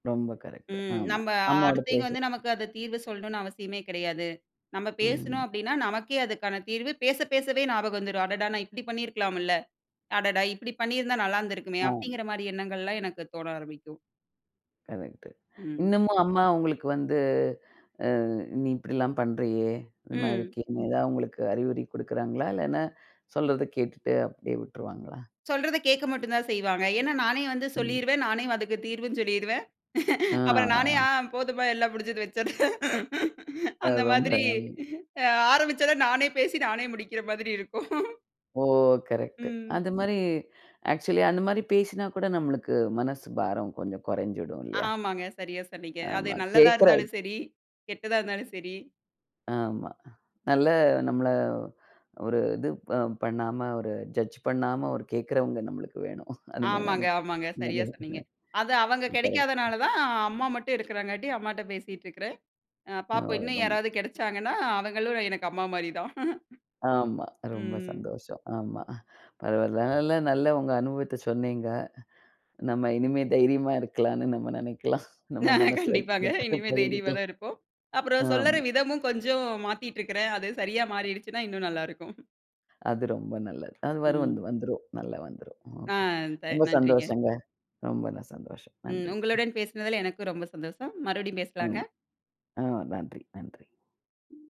ரொம்ப கரெக்ட்டு. ம். ஆமா. நம்ப அம்மாவோட அடுத்தவைங்க வந்து பேசறத் நமக்கு அது தீர்வு சொல்லணும்ன்னு அவசியமே கிடையாது. நம்ம பேசணும் ம். அப்படீன்னா, நமக்கே அதுக்கான தீர்வு பேசப் பேசவே ஞாபகம் வந்துரும். "அடடா! நா இப்படி பண்ணி இருக்கலாமுல்ல, அடடா! இப்படி பண்ணீருந்தா நல்லா இருந்திருக்குமே!" ஆம். அப்படீங்கிற மாரி எண்ணங்கள்லாம் எனக்குத் தோண ஆரம்பிக்கும். கரெக்ட்டு. ம். இன்னமும் அம்மா உங்களுக்கு வந்து, அ நீ இப்படிலாம் பண்றயே, இந்த மாரி ம். இருக்கியேன்னு, ஏதாவது உங்களுக்கு அறிவுரை குடுக்குறாங்களா? இல்லன்னா, சொல்றத கேட்டுட்டு அப்படியே விட்ருவாங்களா? சொல்றத கேக்க மட்டும்தான் செய்வாங்க. ஏன்னா, நானே வந்து ம். சொல்லீருவன். நானே அதுக்கு தீர்வும் சொல்லீருவன். ம். அப்புறம் நானே, அ. ஆ. "ஆ போதும்ப்பா எல்லாம் முடிஞ்சுது, வச்சுரு." அ. அந்த ரொம்ப மாதிரி. அம். அ ஆரம்பிச்சத நானே பேசி, நானே முடிக்கிற மாதிரி இருக்கும். ஓ! கரெட்டு. ம். அந்த மாரி ஆக்ச்சுவலி அந்த மாரி பேசினா கூட, நம்மளுக்கு மனசு பாரம் கொஞ்சம் கொறஞ்சிடும் இல்லையா? ஆமாங்க. சரியா சொன்னீங்க. அது ஆமா. நல்லதா கேக்கற இருந்தாலும் சரி, கெட்டதா இருந்தாலும் சரி. ஆமா. நல்ல நம்மள ஒரு இது ப பண்ணாம ஒரு ஜட்ஜ் பண்ணாம ஒரு கேக்குறவங்க நம்மளுக்கு வேணும். அந்த மாரி ஆமாங்க, நெனைக்க.. ஆமாங்க. சரியா சொன்னீங்க. அது அவங்க [unintelligible] கரெட்டு. கெடைக்காதனாலதான், அம்மா மட்டும் இருக்கறாங்காட்டி அம்மாட்ட பேசிட்டுருக்குறேன். அ [unintelligible] பாப்போம் இன்னும் ஓ.. யாராவது கெடைச்சாங்கன்னா, அவங்களும் எனக்கு அம்மா மாரிதான். ஆமா. ரொம்ப ம். சந்தோஷம். ஆமா அ, பரவால்ல. அதனால நல்ல உங்க அனுபவத்த சொன்னீங்க. நம்ம இனிமே தைரியமா இருக்கலான்னு நம்ம நெனைக்கலாம். நம்ம மனசுல இருக்க கண்டிப்பாங்க. [unintelligible] இனிமே தைரியமா பகிர்ந்துக்கலாம். தான் இருப்போம். அப்பறம் சொல்லற ஆமா. விதமும் கொஞ்சம் மாத்திட்ருக்குறேன். அது சரியா மாறிடுச்சுன்னா, இன்னும் நல்லா இருக்கும். அது ரொம்ப நல்லது. அது வரும், ம். வந்து வந்துரும், நல்லா வந்துரும். அ ஓகே. த ரொம்ப நன்றிங்க. சந்தோஷம்ங்க. ரொம்ப சந்தோஷம். ம். நன்றி! உங்களுடன் பேசுனதுல எனக்கும் ரொம்ப சந்தோஷம். மறுபடியும் ஆமா. பேசலாங்க. அ நன்றி, நன்றி.